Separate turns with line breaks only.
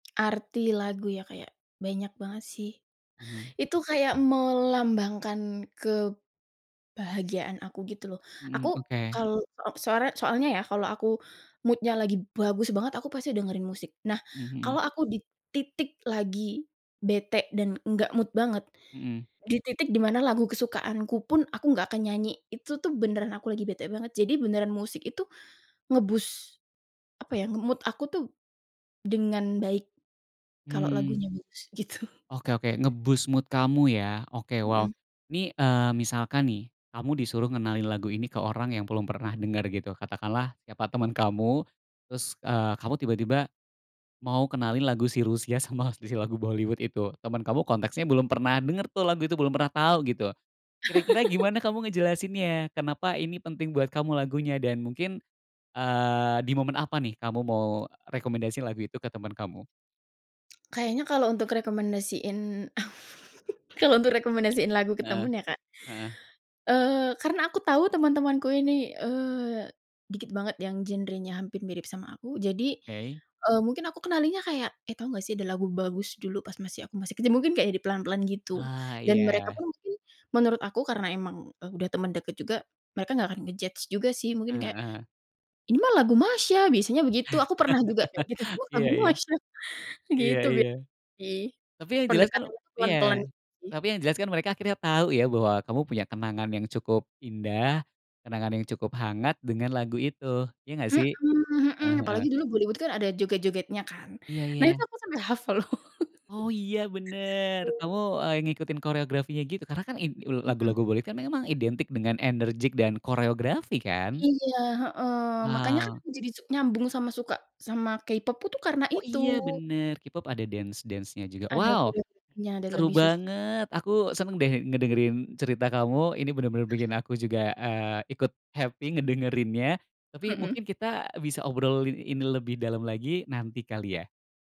Arti lagu ya kayak banyak banget sih,
Mhm.
itu kayak melambangkan kebahagiaan aku gitu loh. Aku
Mhm, oke.
kal op soare soalnya ya kalau aku mood-nya lagi bagus banget, aku pasti dengerin musik. Nah,
Mhm.
kalau aku di titik lagi bete dan enggak mood banget,
Mhm.
di titik di mana lagu kesukaanku pun aku nggak akan nyanyi, itu tuh beneran aku lagi bete banget. Jadi beneran musik itu nge-boost, apa ya, nge-mood aku tuh dengan baik, kalau
Hmm.
lagunya bagus, gitu.
Oke oke. Nge-boost mood kamu ya? Oke, wow.
Mhm.
Ini, eee, misalkan nih, kamu disuruh ngenalin lagu ini ke orang yang belum pernah denger gitu, katakanlah siapa temen kamu terus, eee, kamu tiba-tiba mau kenalin lagu si Rusia sama si si lagu Bollywood itu. Temen kamu konteksnya belum pernah denger tuh lagu itu, belum pernah tau gitu. Kira-kira gimana kamu ngejelasinnya? Kenapa ini penting buat kamu lagunya? Dan mungkin, eee, di momen apa nih kamu mau rekomendasiin lagu itu ke temen kamu?
Kayaknya kalo untuk rekomendasiin kalau untuk rekomendasiin lagu ke
Heeh.
temen ya Kak?
Heeh.
Eee, karena aku tahu temen-temenku ini, eee, dikit banget yang genrenya hampir mirip sama aku. Jadi,
Oke.
eee, mungkin aku kenalinnya kayak, "Eh, tahu nggak sih ada lagu bagus dulu pas masih aku masih kecil," mungkin kayak di pelan-pelan gitu
Ah,
dan mereka
iya.
pun mungkin menurut aku karena emang, eee, udah temen deket juga, mereka nggak akan nge-judge juga sih. Mungkin kayak,
Heeh.
"Ini mah lagu Masha," biasanya begitu, aku pernah juga kayak gitu, "Uh,
Iya
lagu
iya.
Masha,"
Iya
gitu bia
iya.
sih,
Tapi yang jelas kan
pendekatannya
iya,
pelan-pelan sih.
tapi yang jelas kan mereka akhirnya tahu ya bahwa kamu punya kenangan yang cukup indah, kenangan yang cukup hangat dengan lagu itu, iya nggak sih?
Mhm mhm,
Heeh heeh.
apalagi dulu Bollywood kan ada joget-jogetnya kan?
Iya
Nah, itu
iya.
aku sampai hafal loh.
Oh, iya, bener. Kamu, eee, ngikutin koreografinya gitu karena kan in ul
Mhm.
lagu-lagu Bollywood kan memang identik dengan enerjik dan koreografi kan?
Iya, heeh. Makanya kan
Wow.
jadi su nyambung sama suka sama K-pop pu tuh karena
Oh,
itu.
iya, bener, K-pop ada dance-dance-nya juga.
Ada
Wow,
koreografinya dan
seru
lebih susah juga.
banget. Aku seneng deh ngedengerin cerita kamu, ini bener-bener bikin aku juga, eee, ikut happy ngedengerinnya. Tapi
Mhm.
mungkin kita bisa obrolin ini lebih dalem lagi nanti kali ya?